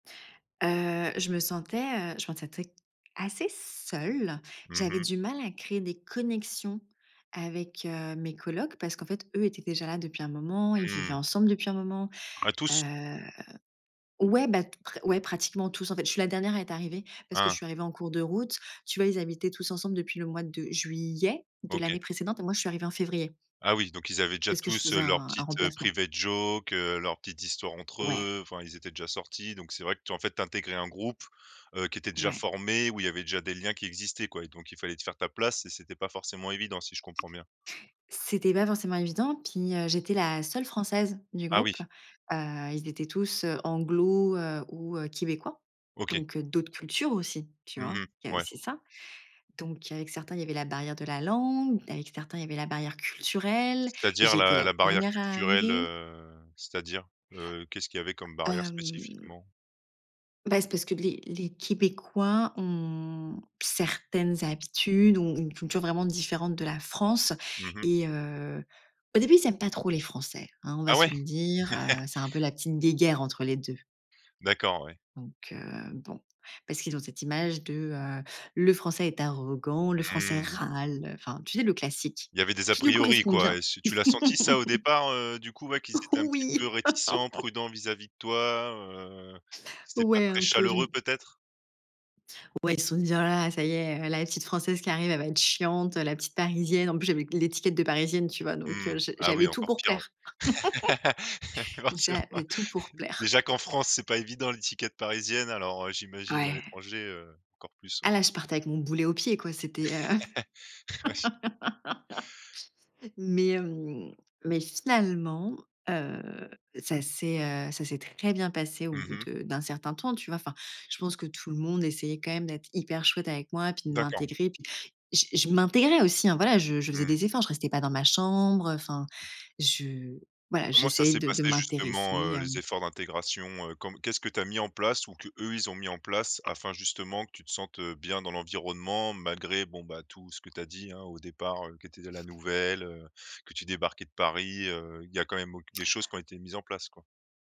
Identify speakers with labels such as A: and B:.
A: Heu, je me sentais, heu, je sentais très assez seule.
B: Mmh
A: J'avais
B: mh.
A: du mal à créer des connexions avec heu, mes colocs parce qu'en fait, eux étaient déjà là depuis un moment. Ils vivaient
B: Mmh.
A: ensemble depuis un moment,
B: À tous.
A: heu ouais bah, t pre ouais, pratiquement tous. En fait, je suis la dernière à être arrivée parce que je
B: Ah.
A: suis arrivée en cours de route. Tu vois, ils habitaient tous ensemble depuis le mois de juillet de l'année
B: OK.
A: précédente et moi, je suis arrivée en février.
B: Ah oui, donc ils avaient déjà
A: Parce que je
B: tous,
A: faisais
B: heu, leur
A: un un
B: petite, heu,
A: remplacement.
B: private joke, heu, leurs petites histoires entre
A: Ouais.
B: eux, enfin ils étaient déjà sortis, donc c'est vrai que toi, en fait, tu intégrais un groupe, heu, qui était déjà
A: Ouais.
B: formé, où il y avait déjà des liens qui existaient, quoi, et donc il fallait te faire ta place et c'était pas forcément évident, si je comprends bien?
A: C'était pas forcément évident. Puis heu, j'étais la seule française du
B: Ah oui.
A: groupe, heu, ils étaient tous, heu, anglosaxons heu, ou heu, québécois,
B: OK.
A: donc heu, d'autres cultures aussi. Tu
B: Mmh
A: vois, il y
B: mh,
A: a
B: ouais.
A: c'est ça. Donc, avec certains, il y avait la barrière de la langue. Avec certains, il y avait la barrière culturelle et
B: C'est-à-dire
A: j'étais
B: la
A: la
B: la barrière
A: dernière à
B: culturelle,
A: arriver.
B: heu, c'est-à-dire? Heu, qu'est-ce qu'il y avait comme barrière
A: Hem
B: spécifiquement?
A: beh, c'est parce que les les québécois ont certaines habitudes ou ont une culture vraiment différente de la France
B: Mmh mh.
A: et heu, au début, ils aiment pas trop les Français, hein. On va
B: Ah
A: se
B: ouais?
A: le dire, heu, c'est un peu la petite guéguerre entre les 2.
B: D'accord, ouais.
A: Donc heu, bon, parce qu'ils ont cette image de, heu, le français est arrogant, le français
B: Mmh.
A: râle, enfin, tu sais, le classique
B: Il y avait des a
A: qui nous
B: priori,
A: correspond
B: quoi, et
A: bien.
B: s tu l'as senti ça au départ, heu, du coup, ouais, qu'ils étaient un petit peu
A: Oui.
B: réticents, prudents vis-à-vis de toi, heu, c'était pas
A: Ouais
B: très
A: un peu, je n
B: chaleureux peut-être?
A: Ouais, ils se sont dit: «Oh là là, ça y est, il y a la petite française qui arrive elle va être chiante, heu, la petite parisienne», en plus j'avais l'étiquette de parisienne, tu vois, donc
B: Mmh,
A: heu, je
B: ah
A: j'avais
B: oui,
A: tout
B: encore
A: pour
B: pire,
A: plaire.
B: ouais, forcément.
A: J'avais tout pour plaire.
B: Déjà qu'en France, c'est pas évident l'étiquette parisienne, alors heu, j'imagine à
A: Ouais.
B: l'étranger, heu, encore plus,
A: Ah
B: ouais.
A: là, je partais avec mon boulet au pied, quoi, c'était, heu
B: Ouais je
A: mais, hem, mais finalement, heu, ça s'est, heu, ça s'est très bien passé au
B: Mmh
A: bout
B: mh.
A: de d'un certain temps, tu vois, enfin, je pense que tout le monde essayait quand même d'être hyper chouette avec moi, puis de
B: D'accord.
A: m'intégrer puis, je je m'intégrais aussi, hein, voilà, je je faisais
B: Mmh.
A: des efforts, je restais pas dans ma chambre, heu, enfin je voilà,
B: Comment ça
A: j'essayais
B: s'est
A: de de
B: passé justement,
A: m'intéresser,
B: heu, les
A: hem
B: efforts d'intégration, heu, com qu'est-ce que tu as mis en place ou qu'eux, ils ont mis en place afin, justement, que tu te sentes, heu, bien dans l'environnement malgré, bon, bah, tout ce que tu as dit, hein, au départ, heu, qui était de la nouvelle, heu, que tu débarquais de Paris, heu, il y a quand même auq des choses qui ont été mises en place, quoi?